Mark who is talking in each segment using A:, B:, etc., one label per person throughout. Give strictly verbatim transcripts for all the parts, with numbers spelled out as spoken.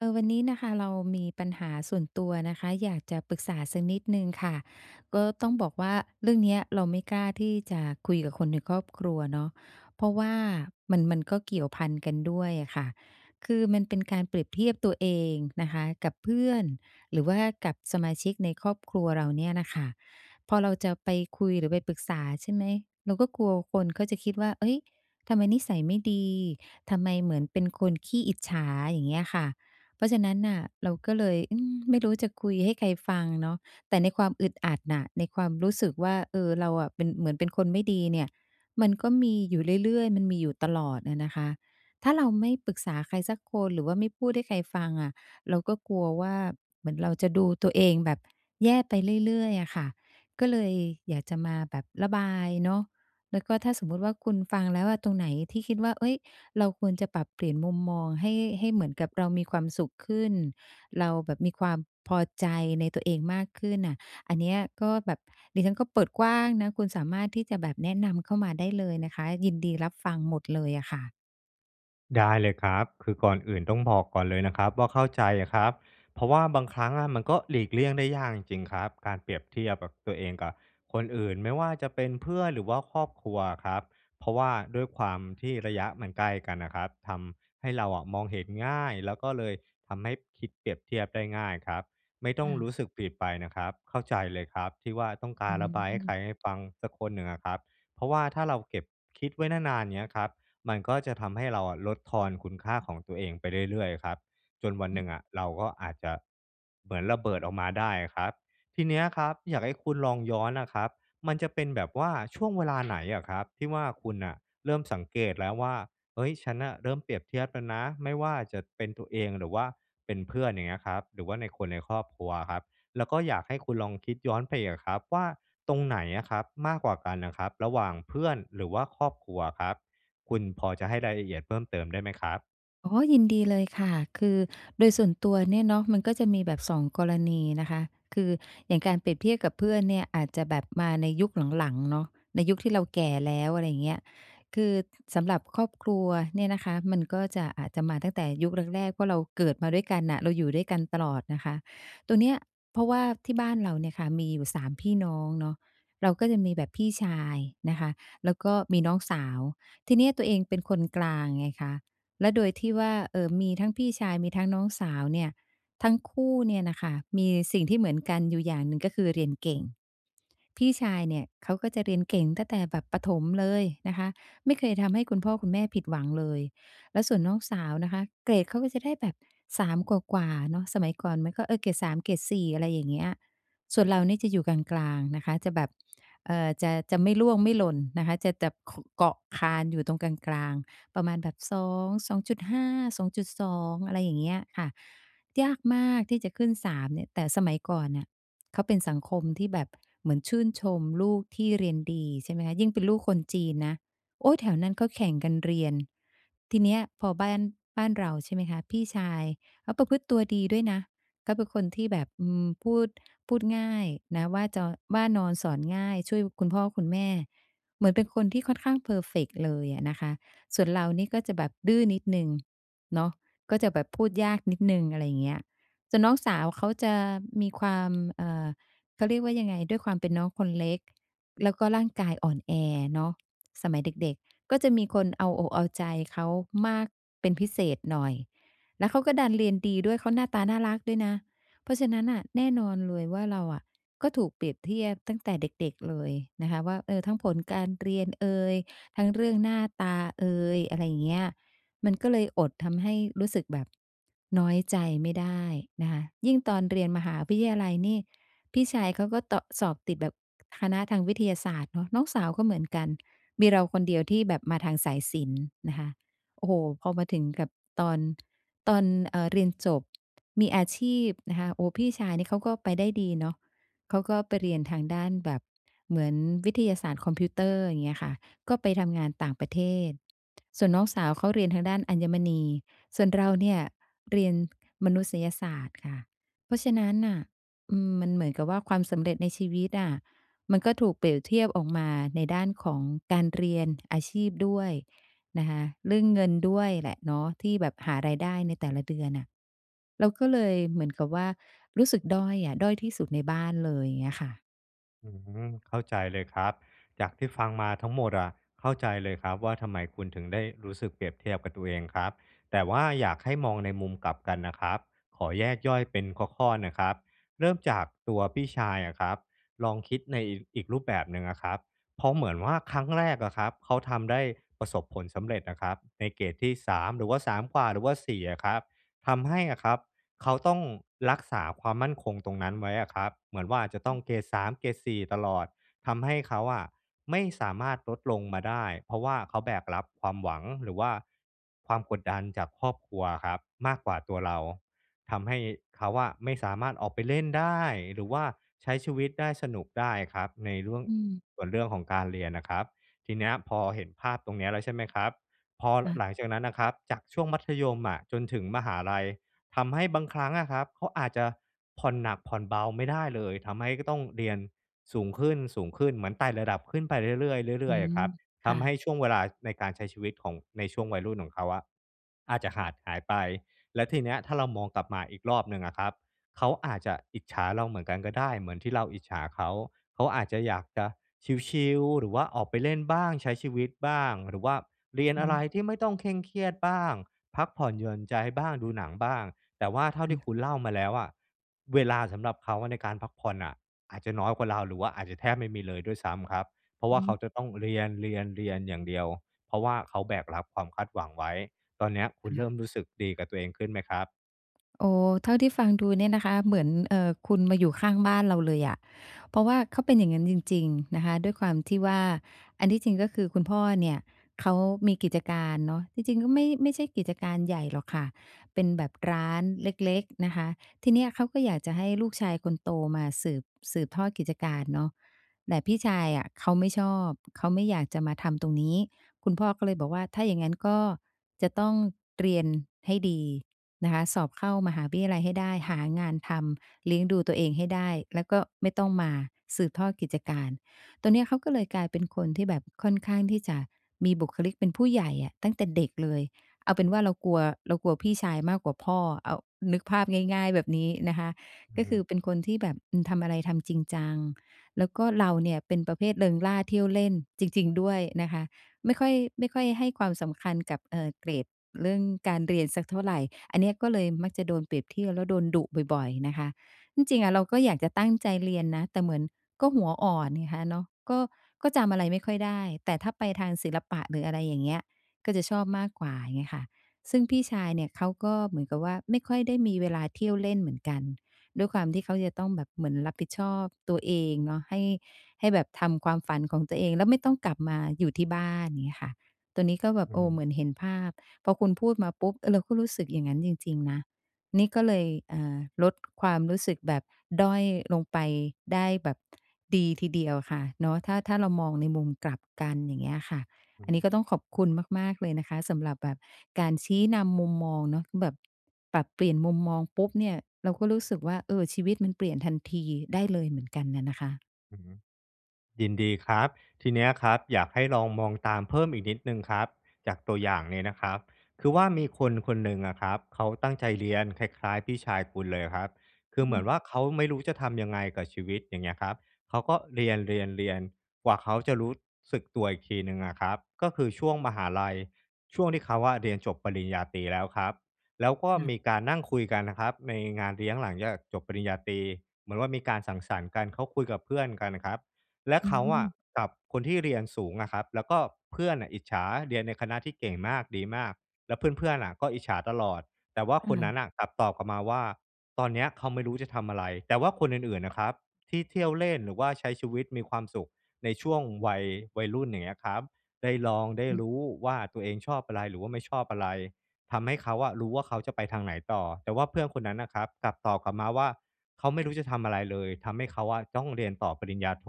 A: เออ วันนี้น่ะค่ะเรามีปัญหาส่วนตัวนะคะ อยากจะปรึกษาสักนิดหนึ่งค่ะ ก็ต้องบอกว่า เรื่องเนี้ยเราไม่กล้าที่จะคุยกับคนในครอบครัวเนาะ เพราะว่ามัน มันก็เกี่ยวพันกันด้วยอะค่ะ คือมันเป็นการเปรียบเทียบตัวเองนะคะ กับเพื่อน หรือว่ากับสมาชิกในครอบครัวเราเนี่ยน่ะค่ะ พอเราจะไปคุยหรือไปปรึกษา ใช่ไหม เราก็กลัวคนก็จะคิดว่า เฮ้ย ทำไมนิสัยไม่ดี ทำไมเหมือนเป็นคนขี้อิจฉา อย่างเงี้ยค่ะ เพราะฉะนั้นน่ะเราก็เลย อือ ไม่รู้จะคุยให้ใครฟังเนาะ แต่ในความอึดอัดน่ะ ในความรู้สึกว่า เออ เราอะเป็น เหมือนเป็นคนไม่ดีเนี่ย มันก็มีอยู่เรื่อย ๆ มันมีอยู่ตลอดอะนะคะ ถ้าเราไม่ปรึกษาใครสักคนหรือว่าไม่พูดให้ใครฟังอะ เราก็กลัวว่า เหมือนเราจะดูตัวเองแบบแย่ไปเรื่อย ๆ อะค่ะ ก็เลยอยากจะมาแบบระบายเนาะ แล้วก็ถ้าสมมุติว่าคุณฟังแล้วว่า ตรงไหนที่คิดว่า เฮ้ย เราควรจะปรับเปลี่ยนมุมมองให้ ให้เหมือนกับเรามีความสุขขึ้น เราแบบมีความพอใจในตัวเองมากขึ้นน่ะ อันเนี้ยก็แบบ ดิฉันก็เปิดกว้างนะ คุณสามารถที่จะแบบแนะนำเข้ามาได้เลยนะคะ ยินดีรับฟังหมดเลยอะค่ะ
B: ได้เลยครับ คือก่อนอื่นต้องบอกก่อนเลยนะครับว่า เข้าใจอะครับ เพราะว่าบางครั้งอะมันก็หลีกเลี่ยงได้ยากจริง ๆ ครับการเปรียบเทียบกับ ตัวเองกับคนอื่น ไม่ว่าจะเป็นเพื่อนหรือว่าครอบครัวอะครับ เพราะว่าด้วยความที่ระยะมันใกล้กันน่ะครับ ทำให้เราอะมองเห็นง่ายแล้วก็เลยทำให้คิดเปรียบเทียบได้ง่ายครับ ไม่ต้
A: ค
B: อ
A: ่
B: งร
A: ะ
B: ู้สึกผิดไปนะครับ เข้าใจเลยครับที่ว่า ต้องก
A: อ
B: ารระบายให้
A: ืม
B: ใคร ให้ฟังสักคนหนึ่งอะครับ เพราะว่าถ้าเราเก็บคิดไว้นาน ๆ เงี้ยครับ มันก็จะทำให้เราอะลดทอนคุณค่าของตัวเองไปเรื่อย ๆ ครับ จนวันหนึ่งอะเราก็อาจจะเหมือนระเบิดออกมาได้อะครับ ทีเนี้ยครับอยากให้คุณลองย้อนน่ะครับ มันจะเป็นแบบว่าช่วงเวลา ไหนเหรอครับ? ที่ว่า คุณน่ะเริ่มสังเกตแล้วว่า "เฮ้ย ฉันน่ะเริ่มเปรียบเทียบแล้วนะ" ไม่ว่าจะเป็นตัวเองหรือว่าเป็นเพื่อน อย่างเงี้ยครับ หรือว่าใน คนในครอบครัวครับ แล้วก็อยากให้คุณลองคิดย้อนไปอีกอะครับว่า ตรงไหนอะครับ? มากกว่ากันอะครับระหว่างเพื่อนหรือว่าครอบครัวครับ คุณพอจะให้รายละเอียดเพิ่มเติมได้ไหมครับ?
A: อ๋อ ยินดีเลยค่ะ คือโดยส่วนตัวเนี่ยเนาะมันก็จะมีแบบ สอง กรณีนะคะ คือ อย่างการเปรียบเทียบกับเพื่อนเนี่ยอาจจะแบบมาในยุคหลัง ๆ เนาะ ในยุคที่เราแก่แล้ว อะไรอย่างเงี้ย คือสำหรับครอบครัวเนี่ยนะคะ มันก็จะ อาจจะมาตั้งแต่ยุคแรก ๆ ว่าเราเกิดมาด้วยกันน่ะ เราอยู่ด้วยกันตลอดนะคะ ตรงเนี้ย เพราะว่าที่บ้านเราเนี่ยค่ะมีอยู่ สาม พี่น้องเนาะ เราก็จะมีแบบพี่ชายนะคะ แล้วก็มีน้องสาว ทีเนี้ยตัวเองเป็นคนกลางไงคะ แล้วโดยที่ว่า เอ่อ มีทั้งพี่ชายมีทั้งน้องสาวเนี่ย ทั้งคู่เนี่ยน่ะค่ะ มีสิ่งที่เหมือนกันอยู่อย่างหนึ่ง ก็คือเรียนเก่ง พี่ชายเนี่ยเขาก็จะเรียนเก่งตั้งแต่แบบประถมเลยนะคะ ไม่เคยทำให้คุณพ่อคุณแม่ผิดหวังเลย แล้วส่วนน้องสาวนะคะ เกรดเขาก็จะได้แบบ สาม กว่า ๆ เนาะ สมัยก่อนมันก็ เออ เกรด สาม เกรด สี่ อะไรอย่างเงี้ย ส่วนเรานี่จะอยู่กลาง ๆ นะคะ จะแบบ เอ่อ จะ จะไม่ร่วงไม่หล่นนะคะ จะจับ ค เกาะคานอยู่ตรงกลาง ๆ ประมาณแบบ สอง สองจุดห้า สองจุดสอง อะไรอย่างเงี้ยค่ะ ยากมากที่จะขึ้น สาม เนี่ย แต่สมัยก่อนเนี่ยเขาเป็นสังคมที่แบบเหมือนชื่นชมลูกที่เรียนดี ใช่ไหมคะ ยิ่งเป็นลูกคนจีนนะ โอ๊ย แถวนั้นเขาแข่งกันเรียน ทีเนี้ยพอบ้าน บ้านเรา ใช่ไหมคะ พี่ชายเขาประพฤติตัวดีด้วยนะ เขาเป็นคนที่แบบ อืม พูด พูดง่ายนะว่าจอ ว่านอนสอนง่าย ช่วยคุณพ่อคุณแม่ เหมือนเป็นคนที่ค่อนข้างเพอร์เฟกต์เลยอะนะคะ ส่วนเรานี่ก็จะแบบดื้อนิดหนึ่งเนาะ ก็จะแบบพูดยากนิดหนึ่ง อะไรอย่างเงี้ย จะ น้องสาวเขาจะมีความ เอ่อ เขาเรียกว่ายังไง? ด้วยความเป็นน้องคนเล็ก แล้วก็ร่างกายอ่อนแอเนาะ สมัยเด็ก ๆ ก็จะมีคนเอาอกเอาใจเขามากเป็นพิเศษหน่อย แล้วเขาก็ดันเรียนดีด้วย เขาหน้าตาน่ารักด้วยนะ เพราะฉะนั้นน่ะแน่นอนเลยว่า เราอะก็ถูกเปรียบเทียบตั้งแต่เด็ก ๆ เลยนะคะว่า เออ ทั้งผลการเรียนเอย ทั้งเรื่องหน้าตาเอย อะไรอย่างเงี้ย มันก็เลยอดทำให้รู้สึกแบบน้อยใจไม่ได้นะคะ ยิ่งตอนเรียนมหาวิทยาลัยนี่ พี่ชายเขาก็เตาะ สอบติดแบบคณะทางวิทยาศาสตร์เนาะ น้องสาวก็เหมือนกัน มีเราคนเดียวที่แบบมาทางสายศิลป์นะคะ โอ้โฮ พอมาถึงกับตอน ตอน เอ่อ เรียนจบ มีอาชีพนะคะ โอ้โฮ พี่ชายนี่เขาก็ไปได้ดีเนาะ เขาก็ไปเรียนทางด้านแบบเหมือนวิทยาศาสตร์คอมพิวเตอร์ อย่างเงี้ยค่ะ ก็ไปทำงานต่างประเทศ ส่วนน้องสาวเขาเรียนทางด้านอัญมณี ส่วนเราเนี่ยเรียนมนุษยศาสตร์ค่ะ เพราะฉะนั้นน่ะ อืม มันเหมือนกับว่าความสำเร็จในชีวิตอะ มันก็ถูกเปรียบเทียบออกมาในด้านของการเรียน อาชีพด้วยนะคะ เรื่องเงินด้วยแหละเนาะ ที่แบบหารายได้ในแต่ละเดือนน่ะ เราก็เลยเหมือนกับว่า รู้สึกด้อยอะ ด้อยที่สุดในบ้านเลย อย่างเงี้ยค่ะ
B: อืม เข้าใจเลยครับ จากที่ฟังมาทั้งหมดอะเข้าใจเลยครับว่า ทำไมคุณถึงได้รู้สึกเปรียบเทียบกับตัวเองครับ แต่ว่าอยากให้มองในมุมกลับกันนะครับ ขอแยกย่อยเป็นข้อ ๆ นะครับ เริ่มจากตัวพี่ชายอะครับ ลองคิดในอีกรูปแบบหนึ่งอะครับ เพราะเหมือนว่า ครั้งแรกอะครับเขาทำได้ประสบผลสำเร็จน่ะครับในเกรดที่ สาม หรือว่า สาม กว่า หรือว่า สี่ อะครับ ทำให้อะครับเขาต้องรักษาความมั่นคงตรงนั้นไว้อะครับ เหมือนว่าอาจจะต้องเกรด สาม เกรด สี่ ตลอด ทำให้เขาอะไม่สามารถลดลงมาได้ เพราะว่าเขาแบกรับความหวัง หรือว่าความกดดันจากครอบครัวอะครับมากกว่าตัวเรา ทำให้เขาอะไม่สามารถออกไปเล่นได้ หรือว่าใช้ชีวิตได้ สนุกได้ครับ ในเรื่อง
A: อืม
B: ส่วนเรื่องของการเรียนนะครับ ทีเนี้ยพอเห็นภาพตรงนี้แล้วใช่ไหมครับ? พอ
A: ค่ะ
B: หลังจากนั้นน่ะครับจากช่วงมัธยมอะจนถึงมหาลัย ทำให้บางครั้งอะครับเขาอาจจะผ่อนหนักผ่อนเบาไม่ได้เลย ทำให้ก็ต้องเรียนสูงขึ้น ๆ เหมือนไต่ระดับขึ้นไปเรื่อย ๆ เร
A: อ
B: ื
A: ื
B: ่อย ๆ อะ
A: ม
B: ครับ
A: ค
B: ท
A: ่ะ
B: ำให้ช่วงเวลาในการใช้ชีวิตของ ในช่วงวัยรุ่นของเขาอะอาจจะขาดหายไป แล้วทีเนี้ยถ้าเรามองกลับมาอีกรอบหนึ่งอะครับ เขาอาจจะอิจฉาเราเหมือนกันก็ได้ เหมือนที่เราอิจฉาเขา เขาอาจจะอยากจะชิล ๆ หรือว่าออกไปเล่นบ้าง ใช้ชีวิตบ้าง หรือว่าเรียน
A: อื
B: อ
A: อ
B: ะ
A: ฮ
B: ไร
A: ึ
B: ที่ไม่ต้องเคร่งเครียดบ้าง พักผ่อนหย่อนใจบ้าง ดูหนังบ้าง แต่ว่าเท่า
A: ค
B: ที่
A: ่
B: ค
A: ะ
B: ุณเล่ามาแล้วอะ เวลาสำหรับเขาในการพักผ่อนน่ะอาจจะน้อยกว่าเรา หรือว่าอาจจะแทบไม่มีเลยด้วยซ้ำครับ เพราะว
A: อื
B: ่า
A: อ
B: เ
A: ฮ
B: ขา
A: ึ
B: จะต้องเรียน ๆ ๆ อย่างเดียว เพราะว่าเขาแบกรับความคาดหวังไว้ ตอนเนี้ยคุ
A: ค
B: ณเร
A: ่
B: ิ่ม
A: ะ
B: รู้สึกดีกับตัวเองขึ้นไหมครับ?
A: โอ้โฮ เท่าที่ฟังดูเนี่ยนะคะ เหมือน เอ่อ คุณมาอยู่ข้างบ้านเราเลยอะ เพราะว่าเขาเป็นอย่างงั้นจริง ๆ นะคะ ด้วยความที่ว่า อันที่จริงก็คือคุณพ่อเนี่ยเขามีกิจการเนาะ จริง ๆ ก็ไม่ ไม่ใช่กิจการใหญ่หรอกค่ะ เป็นแบบร้านเล็ก ๆ นะคะ ทีเนี้ยเขาก็อยากจะให้ลูกชายคนโตมาสืบ สืบทอดกิจการเนาะ แต่พี่ชายอะเขาไม่ชอบ เขาไม่อยากจะมาทำตรงนี้ คุณพ่อก็เลยบอกว่า ถ้าอย่างงั้นก็จะต้องเรียนให้ดีนะคะ สอบเข้ามหาวิทยาลัยให้ได้ หางานทำ เลี้ยงดูตัวเองให้ได้ แล้วก็ไม่ต้องมาสืบทอดกิจการ ตอนเนี้ยเขาก็เลยกลายเป็นคนที่แบบค่อนข้างที่จะมีบุคลิกเป็นผู้ใหญ่อะ ตั้งแต่เด็กเลย เอาเป็นว่าเรากลัว เรากลัวพี่ชายมากกว่าพ่ออะ เอา นึกภาพง่าย ๆ แบบนี้นะคะ
B: อื
A: ก
B: อ
A: ็
B: ฮ
A: ค
B: ึ
A: ือเป็นคนที่แบบ อืม ทำอะไรทำจริงจัง แล้วก็เราเนี่ยเป็นประเภทเริงร่า เที่ยวเล่น จริง ๆ ด้วยนะคะ ไม่ค่อย ไม่ค่อยให้ความสำคัญกับ เอ่อ เกรด เรื่องการเรียนสักเท่าไร อันเนี้ยก็เลยมักจะโดนเปรียบเทียบแล้วโดนดุบ่อย ๆ นะคะ ที่จริงอะเราก็อยากจะตั้งใจเรียนนะ แต่เหมือน ก็หัวอ่อนไงคะเนาะ ก็ ก็จำอะไรไม่ค่อยได้ แต่ถ้าไปทางศิลปะหรืออะไรอย่างเงี้ย ก็จะชอบมากกว่า เงี้ยค่ะ ซึ่งพี่ชายเนี่ยเขาก็เหมือนกับว่า ไม่ค่อยได้มีเวลาเที่ยวเล่นเหมือนกัน ด้วยความที่เขาจะต้องแบบเหมือนรับผิดชอบตัวเองเนาะ ให้ ให้แบบทำความฝันของตัวเองแล้วไม่ต้องกลับมาอยู่ที่บ้าน เงี้ยค่ะ ตัวนี้ก็แบ
B: อ
A: บ
B: ื
A: โ
B: อ
A: อ้
B: ฮ
A: เหม
B: ึ
A: ือนเห็นภาพ พอคุณพูดมาปุ๊บ เออ เราก็รู้สึกอย่างงั้นจริง ๆ นะ นี่ก็เลย เอ่อ ลดความรู้สึกแบบด้อยลงไปได้แบบดีทีเดียวค่ะ เนาะ ถ้า ถ้าเรามองในมุมกลับกัน อย่างเงี้ยค่ะ
B: อื
A: อั
B: อ
A: น
B: ฮ
A: นี้
B: ึ
A: ก็ต้องขอบคุณมาก ๆ เลยนะคะสำหรับแบบการชี้นำมุมมองเนาะ แบบปรับเปลี่ยนมุมมองปุ๊บเนี่ยเราก็รู้สึกว่า เออ ชีวิตมันเปลี่ยนทันทีได้เลยเหมือนกันน่ะนะคะ
B: อือฮึ ยินดีครับ ทีเนี้ยครับอยากให้ลองมองตามเพิ่มอีกนิดหนึ่งครับจากตัวอย่างนี้นะครับ คือว่า มีคน ๆ หนึ่งอะครับเขาตั้งใจเรียนคล้าย ๆ พี่ชายคุณเลยอะครับ คื
A: อื
B: อเหมือน
A: ม
B: ว่า เขาไม่รู้จะทำยังไงกับชีวิต อย่างเงี้ยครับ เขาก็เรียน ๆ ๆ กว่าเขาจะรู้สึกตัวอีกทีหนึ่งอะครับก็คือช่วงมหาลัย ช่วงที่เขาอะเรียนจบปริญญาตรีแล้วครับ แล้วก็
A: ค่
B: ม
A: ะ
B: ีการนั่งคุยกันนะครับในงานเลี้ยงหลังจากจบปริญญาตรี เหมือนว่า มีการสังสรรค์กัน เขาคุยกับเพื่อนกันครับ แล้ว
A: อื
B: เขาอะ
A: ม
B: กับคนที่เรียนสูงอะครับ แล้วก็เพื่อนอะอิจฉา เรียนในคณะที่เก่งมาก ดีมาก แล้วเพื่อน ๆ อะก็อิจฉาตลอด แต่ว่า
A: ค
B: คน
A: ่
B: นั้
A: ะ
B: นน่ะกลับตอบกลับมาว่า "ตอนเนี้ยเขาไม่รู้จะทำอะไร" แต่ว่าคนอื่น ๆ น่ะครับที่เที่ยวเล่น หรือว่าใช้ชีวิตมีความสุขในช่วงวัย วัยรุ่น อย่างเงี้ยครับ ได้ลอง ได้รู้ว่า ตัวเองชอบอะไร? หรือว่าไม่ชอบอะไร? ทำให้เขาอะรู้ว่า เขาจะไปทางไหนต่อ แต่ว่าเพื่อนคนนั้นน่ะครับกลับตอบกลับมาว่า "เขาไม่รู้จะทำอะไรเลย ทำให้เขาอะต้องเรียนต่อปริญญาโท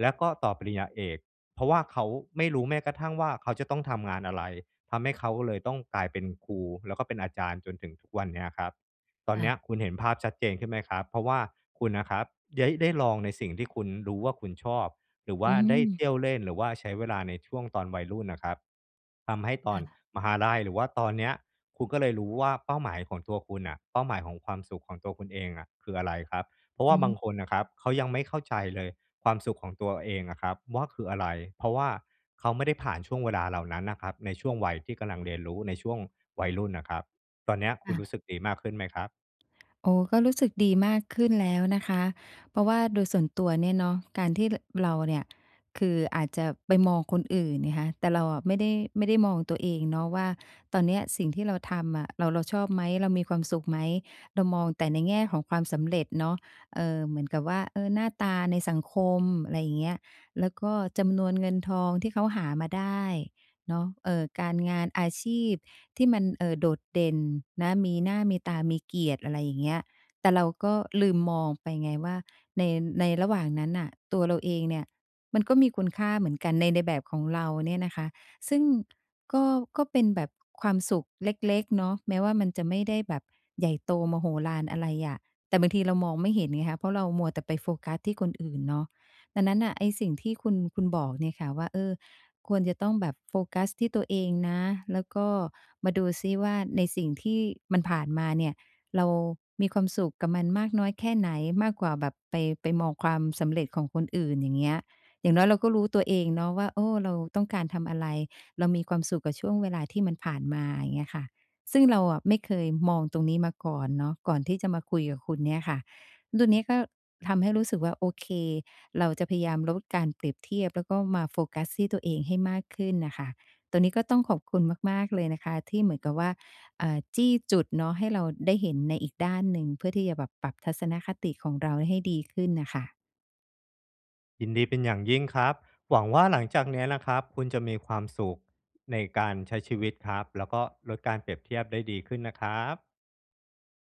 B: แล้วก็ต่อปริญญาเอก เพราะว่าเขาไม่รู้แม้กระทั่งว่า เขาจะต้องทำงานอะไร? ทำให้เขาเลยต้องกลายเป็นครู แล้วก็เป็นอาจารย์จนถึงทุกวันเนี้ยครับ" ตอ
A: ค
B: น
A: ่
B: เนี้
A: ะ
B: ยคุณเห็นภาพชัดเจนขึ้นไหมครับ? เพราะว่าคุณน่ะครับได้ ได้ลองในสิ่งที่คุณรู้ว่า คุณชอบ หรือว
A: อ
B: ่
A: ื
B: าได้
A: อ
B: เที่ยวเล่น หรือว่าใช้เวลาในช่วงตอนวัยรุ่นน่ะครับ ทำให้ต
A: ค
B: อ
A: ่
B: น
A: ะ
B: มหาลัยหรือว่าตอนเนี้ย คุณก็เลยรู้ว่า เป้าหมายของตัวคุณน่ะ เป้าหมายของความสุขของตัวคุณเองอะคืออะไรครับ เพราะว
A: อ
B: ่
A: ื
B: าบา
A: อ
B: งคนน่ะครับเขายังไม่เข้าใจเลย ความสุขของตัวเองอะครับว่า คืออะไร? เพราะว่าเขาไม่ได้ผ่านช่วงเวลาเหล่านั้นน่ะครับในช่วงวัยที่กำลังเรียนรู้ ในช่วงวัยรุ่นน่ะครับ ตอนเนี้ยค
A: ค
B: ุ
A: ่
B: ณร
A: ะ
B: ู้สึกดีมากขึ้นไหมครับ?
A: โอ้ ก็รู้สึกดีมากขึ้นแล้วนะคะ เพราะว่าโดยส่วนตัวเนี่ยเนาะการที่ ล เราเนี่ย คืออาจจะไปมองคนอื่นไงคะ แต่เราอะไม่ได้ ไม่ได้มองตัวเองเนาะว่า ตอนเนี้ยสิ่งที่เราทำอะเรา เราชอบไหม? เรามีความสุขไหม? เรามองแต่ในแง่ของความสำเร็จเนาะ เอ่อ เหมือนกับว่า เออ หน้าตาในสังคม อะไรอย่างเงี้ย แล้วก็จำนวนเงินทองที่เขาหามาได้เนาะ เอ่อ การงานอาชีพที่มัน เอ่อ โดดเด่นนะ มีหน้า มีตา มีเกียรติ อะไรอย่างเงี้ย แต่เราก็ลืมมองไปไงว่า ใน ในระหว่างนั้นน่ะตัวเราเองเนี่ยมันก็มีคุณค่าเหมือนกัน ใน ในแบบของเราเนี่ยนะคะ ซึ่งก็ ก็เป็นแบบความสุขเล็ก ๆ เนาะ แม้ว่า มันจะไม่ได้แบบใหญ่โตมโหฬารอะไรอะ แต่บางทีเรามองไม่เห็นไงคะ เพราะเรามัวแต่ไปโฟกัสที่คนอื่นเนาะ ดังนั้นน่ะ ไอ้สิ่งที่คุณ คุณบอกเนี่ยค่ะว่า เออ ควรจะต้องแบบโฟกัสที่ตัวเองนะ แล้วก็มาดูซิว่า ในสิ่งที่มันผ่านมาเนี่ยเรามีความสุขกับมันมากน้อยแค่ไหน? มากกว่าแบบไป ไปมองความสำเร็จของคนอื่น อย่างเงี้ย อย่างน้อยเราก็รู้ตัวเองเนาะว่า เออ เราต้องการทำอะไร? เรามีความสุขกับช่วงเวลาที่มันผ่านมา อย่างเงี้ยค่ะ ซึ่งเราอะไม่เคยมองตรงนี้มาก่อนเนาะ ก่อนที่จะมาคุยกับคุณเนี่ยค่ะ ตัวนี้ก็ทำให้รู้สึกว่า โอเค เราจะพยายามลดการเปรียบเทียบ แล้วก็มาโฟกัสที่ตัวเองให้มากขึ้นน่ะค่ะ ตัวนี้ก็ต้องขอบคุณมาก ๆ เลยนะคะที่เหมือนกับว่า อ่า จี้จุดเนาะให้เราได้เห็นในอีกด้านหนึ่ง เพื่อที่จะแบบปรับทัศนคติของเราให้ดีขึ้นน่ะค่ะ
B: ยินดีเป็นอย่างยิ่งครับ หวังว่า หลังจากเนี้ยนะครับคุณจะมีความสุขในการใช้ชีวิตครับ แล้วก็ลดการเปรียบเทียบได้ดีขึ้นนะครับ